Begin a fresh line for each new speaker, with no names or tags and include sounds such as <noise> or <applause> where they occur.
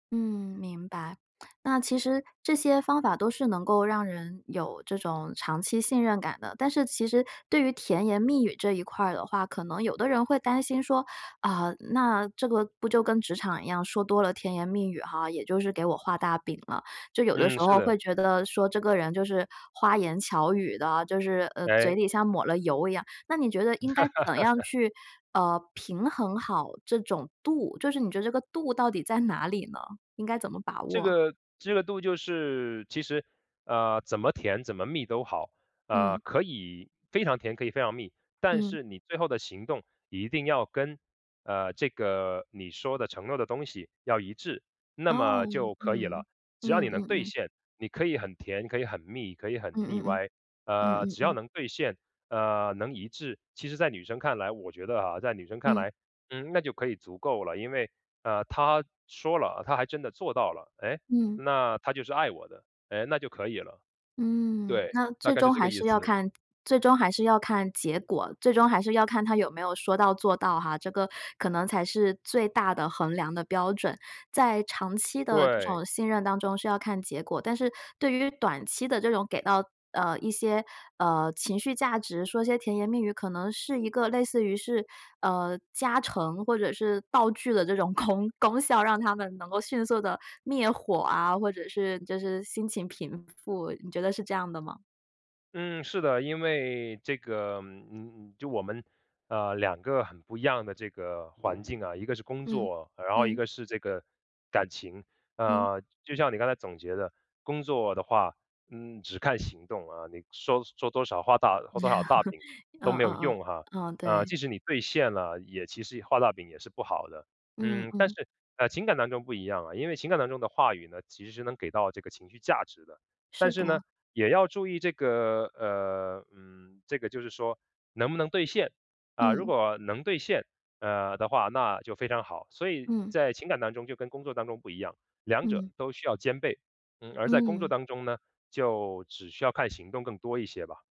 嗯，明白。那其实这些方法都是能够让人有这种长期信任感的，但是其实对于甜言蜜语这一块儿的话，可能有的人会担心说，啊，那这个不就跟职场一样，说多了甜言蜜语哈，也就是给我画大饼了，就有的
嗯，
时
是
候
的。
会觉得说，这个人就是花言巧语的，就是，呃，嘴
哎。
里像抹了油一样，那你觉得应该怎样
<chuckles>
去，呃，平衡好这种度？就是你觉得这个度到底在哪里呢，应该怎么把
这
握？
个这个度就是其实，呃，怎么甜，怎么蜜都好。呃，
嗯。
可以非常甜，可以非常蜜，但
嗯。
是你最后的行动一定要跟，呃，这个你说的承诺的东西要一致，那
哦，
么就可以
嗯，
了。只要
嗯
你能
嗯
兑
嗯。
现，你可以很甜，可以很蜜，可以
嗯
很腻
嗯嗯，
歪，
嗯
呃，
嗯
只要
嗯。
能兑现，呃，能一致，其实在女生看来我觉得啊，在女生看
嗯。
来，嗯，那就可以足够了。因为，呃，他说了，他还真的做到了，诶，
嗯。
那他就是爱我的，诶，那就可以了。
嗯，
对，
那
大
最
概是
终
这个
还
意
是要
思。
看最终还是要看结果，最终还是要看他有没有说到做到哈，这个可能才是最大的衡量的标准。在长期的这
对。
种信任当中是要看结果，但是对于短期的这种给到，呃，一些，呃，情绪价值，说些甜言蜜语，可能是一个类似于是，呃，加成或者是道具的这种功功效，让它们能够迅速地灭火啊，或者是就是心情平复。你觉得是这样的吗？
嗯，是的。因为这个嗯，就我们，呃，两个很不一样的这个环境啊，一个是工
嗯，
作，然后一
嗯。
个是这个感情。
嗯。
呃，就像你刚才总结的，工作的话，嗯，只看行动啊，你说说多少，画大画多少大饼
<chuckles>
都
嗯嗯
没有
嗯，
用哈，
嗯，
呃，
对。
即使你兑现了，也其实画大饼也是不好的。
嗯，
嗯，但
嗯。
是感情感当中不一样啊，因为当中的话语呢，其实是能给到这个情绪价值的，但
是
是呢，
的。
也要注意这个呃，嗯，这个就是说能不能兑现，啊，如
嗯。
果能兑现，呃，的话，那就非常好。所以
嗯。
在情感当中就跟工作当中不一样，两者
嗯。
都需要兼备，嗯，而在工作
嗯。
当中呢，就只需要看行动更多一些吧。